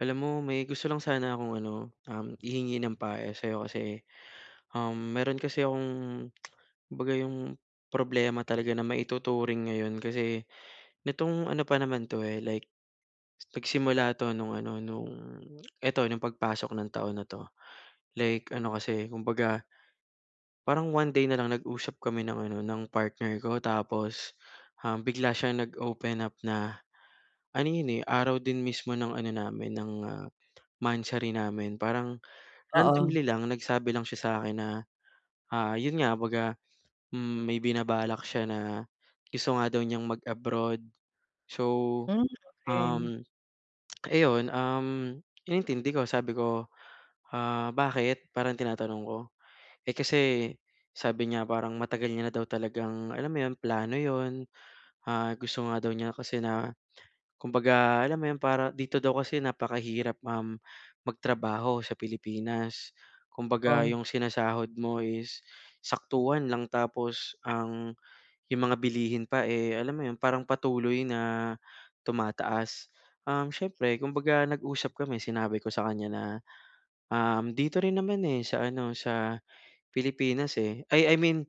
Alam mo may gusto lang sana akong ano, um, i-hingi ng payo sa iyo kasi, um, meron kasi akong kumbaga yung problema talaga na maituturing ngayon kasi, nitong ano pa naman ito, eh like nagsimula ito nung ano nung eto nung pagpasok ng taon na ito. Like ano kasi kumbaga parang 1 day na lang nag-usap kami ng ano ng partner ko tapos, um, bigla siyang nag-open up na, ano iyon, eh araw din mismo ng ano namin ng, ah, monthsary namin parang Oo. randomly lang nagsabi lang siya sa akin na, ah, iyon nga kumbaga hmm, may binabalak siya na gusto nga daw niyang mag-abroad. So, Hmm, okey. um, eh iyon, um, inintindi ko sabi ko, ah, "Bakit?" Parang tinatanong ko. Eh, kasi sabi niya parang matagal niya na daw talagang alam mo iyon, plano iyon, ah, gusto nga daw niya kasi na kumbaga alam mo iyon para dito daw kasi napakahirap, um, magtrabaho sa Pilipinas. Kumbaga Oh? yung sinasahod mo is saktuhan lang tapos ang yung mga bilihin pa, eh alam mo iyon, parang patuloy na tumataas. Um, siyempre kumbaga nag-usap kami sinabi ko sa kanya na, um, dito rin naman, eh sa ano sa Pilipinas, eh, ay I mean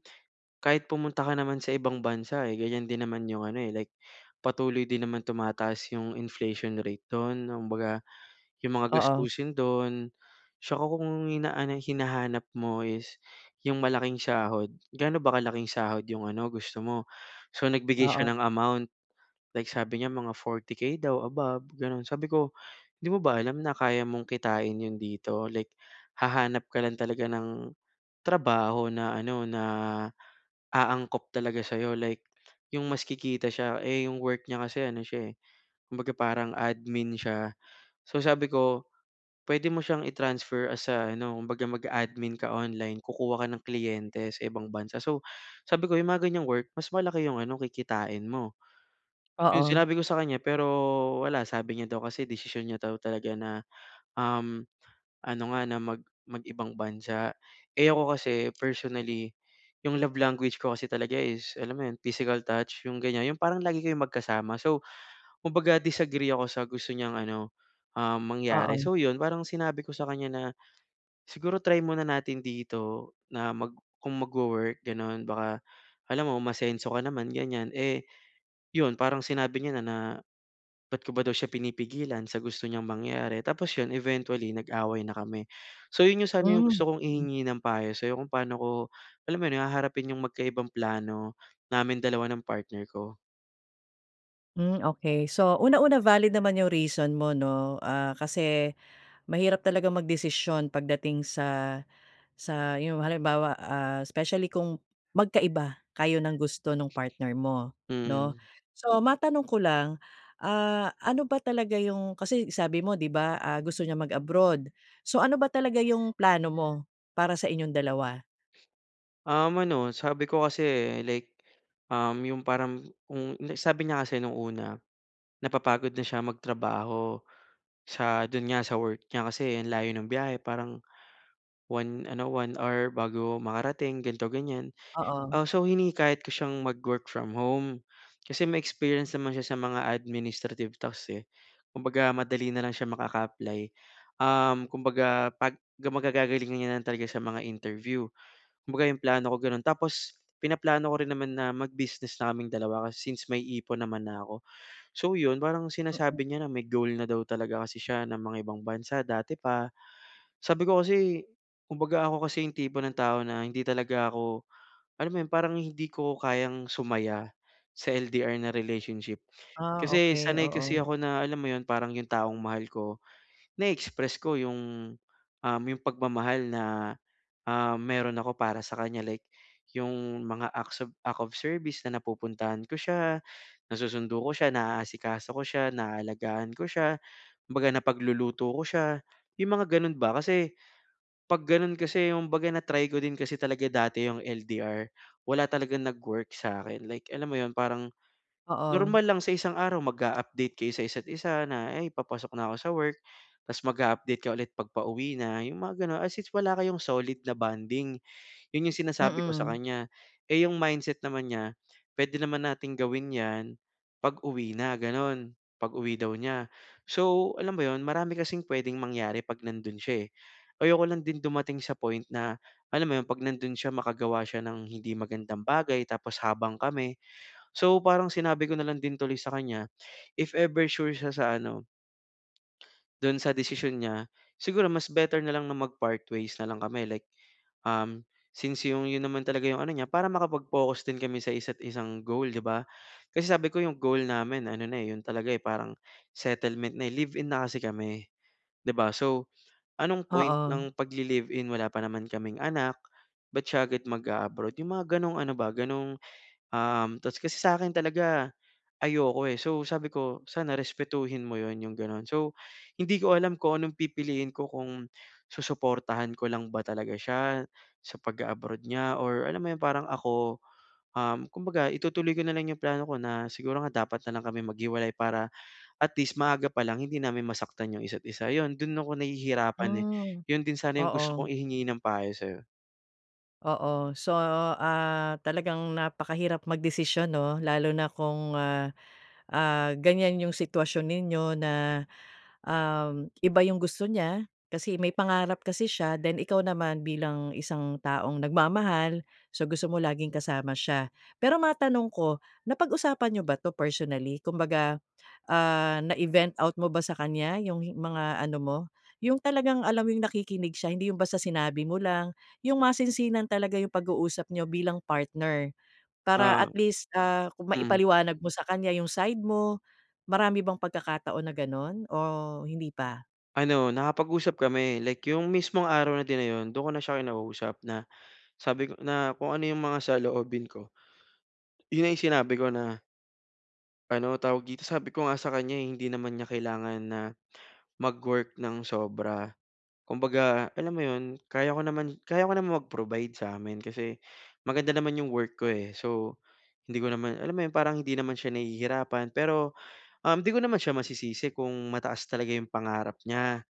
kahit pumunta ka naman sa ibang bansa, eh ganyan din naman yung ano, eh, like patuloy din naman tumataas yung inflation rate doon kumbaga yung mga Oo. gastusin doon tsaka kung ang inaanay hinahanap mo is yung malaking sahod, gaano ba kalaking sahod yung ano gusto mo? So, nagbigay siya Oo. ng amount, like sabi niya mga 40k daw above ganoon. Sabi ko 'di mo ba alam na kaya mong kitain iyon dito like hahanap ka lang talaga ng trabaho na ano, na aangkop talaga sayo like yung mas kikita siya. Eh yung work niya kasi ano siya eh, kumbaga parang admin siya. So, sabi ko pwede mo siyang i-transfer as a ano kumbaga mag-aadmin ka online, kukuha ka ng kliyente sa ibang bansa so, sabi ko yung mga ganyang work mas malaki yung ano kikitain mo. Iyon Oo. sinabi ko sa kanya pero wala, sabi niya daw kasi desisyon niya daw talaga na, um, ano nga na mag mag ibang bansa. Eh ako kasi personally, yung love language ko kasi talaga is alam mo iyon physical touch yung ganyan? Yung parang lagi kayong magkasama so, kumbaga disagree ako sa gusto niyang ano, um, mangyari. Oo. So, iyon parang sinabi ko sa kanya na siguro try muna natin dito na mag kung mag-wo-work ganoon baka alam mo umasenso ka naman ganyan, eh iyon parang sinabi niya na na bakit ko ba daw siya pinipigilan sa gusto niyang mangyari? Tapos iyon eventually nag-away na kami. So, iyon sana yung gusto kong Mm. ihingi ng payo sayo. Kung paano ko alam mo iyon, haharapin yung magkaibang plano namin dalawa ng partner ko? Hmm, okey. So una-una valid naman 'yong reason mo 'no, ah, kasi mahirap talagang magdesisyon pagdating sa sa 'yong halimbawa, ah, especially kung magkaiba kayo ng gusto ng partner mo 'no. Hmm. So matanong ko lang, ah, ano ba talaga 'yong, kasi sabi mo 'di ba, ah, gusto niya mag-abroad. So ano ba talaga 'yong plano mo para sa inyong dalawa? Um, ano sabi ko kasi like, um, 'yong parang kung li sabi niya kasi no'ng una, napapagod na siya magtrabaho sa do'n nga sa work niya kasi ang layo ng biyahe parang 1 ano 1 hour bago makarating ganito ganyan. Oo. Ah, so hinihikayat ko siyang mag-work from home kasi may-experience naman siya sa mga administrative task, eh. Kumbaga madali na lang siya makaka-apply, um, kumbaga pag guma gagagalingan niya na lang talaga sa mga interview. Kumbaga 'yong plano ko gano'n. Tapos pinaplano ko rin naman na mag-business na kaming dalawa kasi since may ipon naman na ako. So 'yon parang Mm. sinasabi niya na may goal na daw talaga kasi siya na mangibang bansa dati pa. Sabi ko kasi kumbaga ako kasi 'yong tipo ng tao na hindi talaga ako alam mo 'yon parang hindi ko kayang sumaya sa LDR na relationship. Ah, Kasi okey sanay kasi oo. ako na, alam mo 'yon, parang 'yong taong mahal ko na-express ko 'yong, um, 'yong pagmamahal na, ah, meron ako para sa kanya. Like 'yong mga acts of of service na napupuntahan ko, siya nasusundo ko siya, naasikaso ko siya, naalagaan ko siya, kumbaga napagluluto ko siya. 'Yong mga gano'n ba. Kasi 'pag gano'n kasi kumbaga na-try ko din kasi talaga dati 'yong LDR wala talagang nag-work sa akin. Like alam mo 'yon, parang Oo. normal lang sa isang araw mag-a-update kayo sa isa't isa na, "ay papasok na ako sa work" tapos mag-a-update ka ulit 'pag pauwi na. 'Yong mga gano'n as sin wala kayong solid na bonding. 'Yon 'yong sinasabi ko sa Mm. kanya. Eh, 'yong mindset naman niya, puwede naman nating gawin 'yan 'pag uwi na. Gano'n pag-uwi daw niya. So alam mo 'yon marami kasing puwedeng mangyari 'pag nando'n siya. Eh, ayoko lang din dumating sa point na alam mo 'yon, 'pag nando'n siya makagawa siya ng hindi magandang bagay tapos habang kami so parang sinabi ko nalang din tuloy sa kanya, if ever sure siya sa ano Do'n sa desisyon niya. Siguro mas better na lang na mag-partways na lang kami like, um, since 'yong 'yon naman talaga 'yong ano niya. Para makapag-focus din kami sa isa't-isang goal 'di ba? Kasi sabi ko 'yong goal namin ano na 'yon talaga parang settlement na. Live-in na kasi kami 'di ba? So anong point Oo. ng pagli-live-in wala pa naman kaming anak. Ba't siya agad mag-a-abroad. 'Yong mga gano'ng ano ba gano'n, um, tapos kasi sa akin talaga ayoko, eh. So sabi ko sana respetuhin mo 'yon 'yong gano'n. So hindi ko alam kung anong pipiliin ko kung susuportahan ko lang ba talaga siya, sa pag-a-abroad niya or alam mo 'yong parang ako, um, kumbaga itutuloy ko na lang 'yong plano ko na siguro nga dapat na lang kami maghiwalay. Para at least maaga pa lang hindi namin masaktan 'yong isa't-isa. 'Yon do'n ako nahihirapan Hmm, 'yon din sana 'yong gusto kong oo. ihingi ng payo sa 'yo. Oo so, ah, talagang napakahirap magdesisyon no lalo na kung ah, ah, ganyan yung sitwasyon ninyo na, um, iba yung gusto niya, kasi may pangarap kasi siya. Then ikaw naman bilang isang taong nagmamahal, so gusto mo laging kasama siya. Pero matanong ko, napag-usapan niyo ba ito personally? Kumbaga ah, na-i-vent out mo ba sa kanya yung i mga ano mo? Yung talagang alam mo yung nakikinig siya hindi yung basta sinabi mo lang yung masinsinan talaga yung pag-uusap niyo bilang partner. Para Ah. at least ah, kung Mm. maipaliwanag mo sa kanya yung side mo, marami bang pagkakataon na ganun? O hindi pa? Ano, nakapag-usap kami, like yung mismong araw na din yun dun ko na siya kinausap na sabi ko na kung ano yung mga saloobin ko yun na yung sinabi ko na ano tawag dito sabi ko nga sa kanya eh hindi naman niya kailangan na mag-work ng sobra. Kumbaga alam mo iyon kaya ko naman kaya ko naman mag-provide sa amin kasi maganda naman iyong work ko eh, so, hindi ko naman, alam mo iyon parang hindi naman siya nahihirapan pero, um, di ko naman siya masisisi kung mataas talaga iyong pangarap niya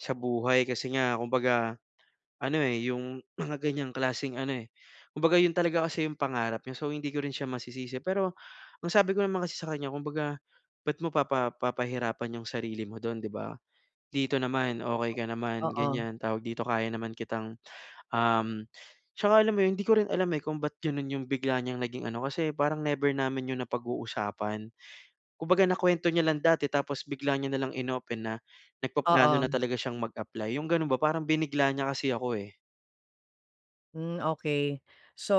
sa buhay kasi nga kumbaga, ano eh, iyong mga ganyang klaseng ano eh, kumbaga iyon talaga kasi iyong pangarap niya so hindi ko rin siya masisisi. Pero ang sabi ko naman kasi sa kanya kumbaga, bakit mo pa papahirapan iyong sarili mo doon 'di ba? Dito naman okey ka naman Oo. ganyan tawag dito kaya naman kitang um at saka alam mo iyon di ko rin alam eh, kung bakit ganoon iyong bigla niyang naging ano kasi parang never namin iyon napag-uusapan. Kumbaga nakuwento niya lang dati tapos bigla niya na lang in-open na nagpaplano na Oo. talaga siyang mag-apply, iyong ganoon ba parang binigla niya kasi ako eh. Hmm, okey. So,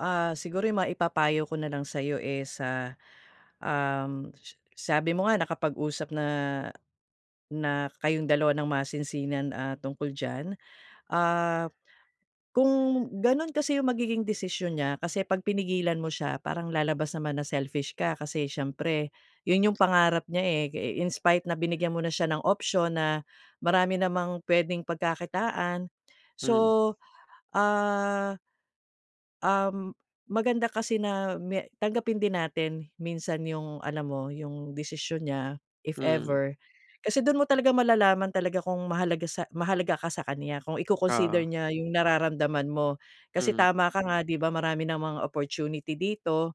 ah, siguro yung maipapayo ko na lang sa'yo is, ah, um, s sabi mo nga nakapag-usap na, na kayong dalawa ng masinsinan, ah, tungkol diyan. Ah, kung gano'n kasi 'yong magiging desisyon niya kasi 'pag pinigilan mo siya parang lalabas naman na selfish ka. Kasi siyempre 'yon 'yong pangarap niya, eh, eh, in spite na binigyan mo na siya ng option na marami namang puwedeng pagkakitaan. So, Hmm. ah Um, maganda kasi na may tanggapin din natin minsan yung alam mo yung desisyon niya. If Hmm. ever, kasi dun mo talaga malalaman talaga kung mahalaga sa, mahalaga ka sa kanya kung i-coconsider Oo. niya yung nararamdaman mo. Kasi Mhm. tama ka nga 'di ba, marami namang opportunity dito.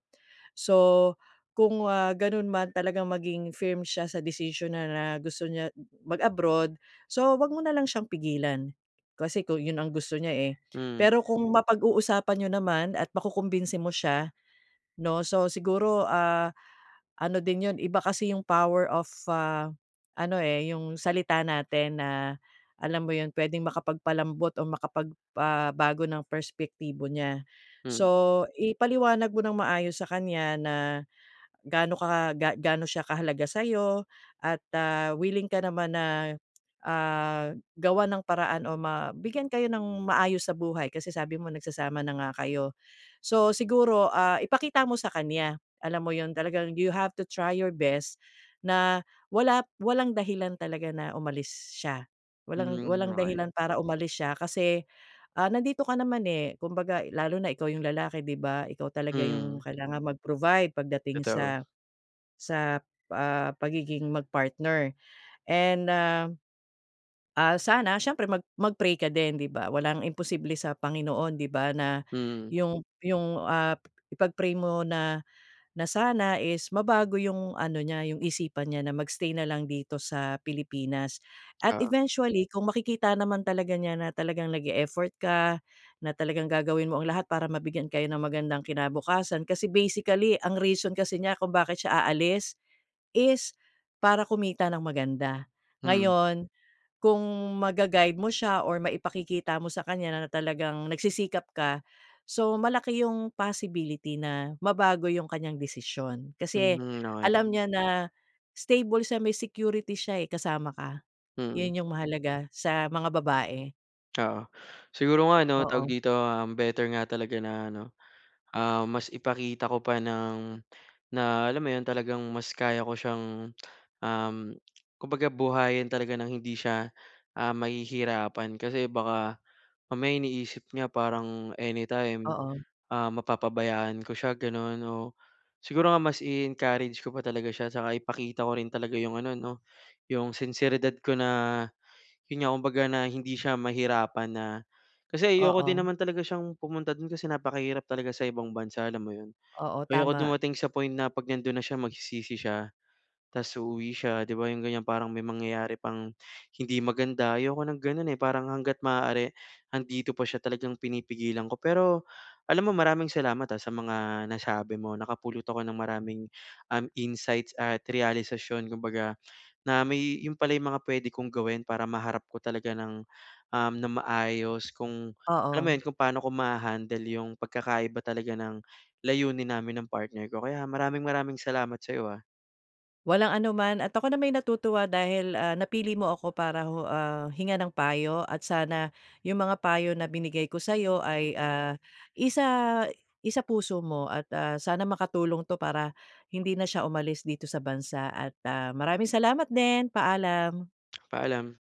So, kung, ah, ganun man talagang maging firm siya sa desisyon na na gusto niya mag-abroad, so, huwag mo na lang siyang pigilan. Kasi kung yun ang gusto niya, eh. Hmm. Pero kung mapag-uusapan n'yo naman at makukumbinsi mo siya 'no, so, siguro, ah, ano din 'yon, iba kasi yung power of ah, ano, eh, yung salita natin na alam mo 'yon pwedeng makapagpalambot o makapag, ah, bago ng perspektibo niya. Hmm. So, ipaliwanag mo nang maayos sa kanya na gaano ka ga gaano siya kahalaga sa'yo at, ah, willing ka naman na, ah, gawan ng paraan o mabigyan kayo nang maayos sa buhay kasi sabi mo nagsasama na nga kayo. So, siguro, ah, ipakita mo sa kanya alam mo yun, talagang you have to try your best na wala walang dahilan talaga na umalis siya walang Hmm, walang ay. dahilan para umalis siya kasi, ah, nandito ka naman, eh. Kumbaga lalo na ikaw yung lalaki 'di ba ikaw talaga yung Hmm. kailangan mag-provide pag dating Totoo. sa, sa, ah, pagiging mag-partner and, ah, ah, sana siyempre mag mag-pray ka din 'di ba walang imposible sa Panginoon 'di ba? na Hmm. 'yong, 'yong, ah, ipag-pray mo na, na sana is mabago 'yong ano niya 'yong isipan niya na mag-stay na lang dito sa Pilipinas. At Oo. eventually kung makikita naman talaga niya na talagang nag-e-effort ka, na talagang gagawin mo ang lahat para mabigyan kayo ng magandang kinabukasan, kasi basically ang reason kasi niya kung bakit siya aalis is para kumita ng maganda. Hmm. Ngayon, kung ma-gaguide mo siya or maipakikita mo sa kanya na talagang nagsisikap ka, so, malaki yung possibility na mabago yung kanyang desisyon. Kasi Hmm, okay. alam niya na stable siya, may security siya, eh, kasama ka. Mm. 'Yan yung mahalaga sa mga babae. Oo. Siguro O nga ano, tawag oo. dito, um, better nga talaga na ano, ah, mas ipakita ko pa ng na alam mo 'yon, talagang mas kaya ko siyang, um, kumbaga buhayin talaga ng hindi siya, ah, mahihirapan kasi baka mamaya iniisip niya parang anytime, Oo. ah, mapapabayaan ko siya, gano'n 'no. Siguro nga mas i-encourage ko pa talaga siya tsaka ipakita ko rin talaga 'yong ano 'no, 'yong sinseridad ko na yun nga, kumbaga na hindi siya mahirapan na kasi ayoko din Oo. naman talaga siyang pumunta dun kasi napakahirap talaga sa ibang bansa, alam mo yun? Oo, Ayoko tama. dumating sa point na 'pag nandun na siya magsisisi siya tapos uuwi siya, 'di ba, 'yong ganiyan. Parang may mangyayari pang hindi maganda. Ayoko ng ganun, eh, parang hangga't maaari 'andito pa siya talagang pinipigilan ko. Pero alam mo, maraming salamat ha sa mga nasabi mo, nakapulot ako ng maraming, um, insights at realisasyon kumbaga, na may yun pala yung mga pwede kong gawin para maharap ko talaga ng, um, ng maayos kung alam mo Oo. yun, kung paano ko maha-handle yung pagkakaiba talaga ng layunin namin ng partner ko. Kaya maraming-maraming salamat sa'yo, ha. Walang anuman at ako nama'y natutuwa dahil, ah, napili mo ako para hu ah, hingan ng payo at sana yung mga payo na binigay ko sayo ay, ah, isa isapuso mo at, ah, sana makatulong 'to para hindi na siya umalis dito sa bansa at, ah, maraming salamat din, paalam. Paalam.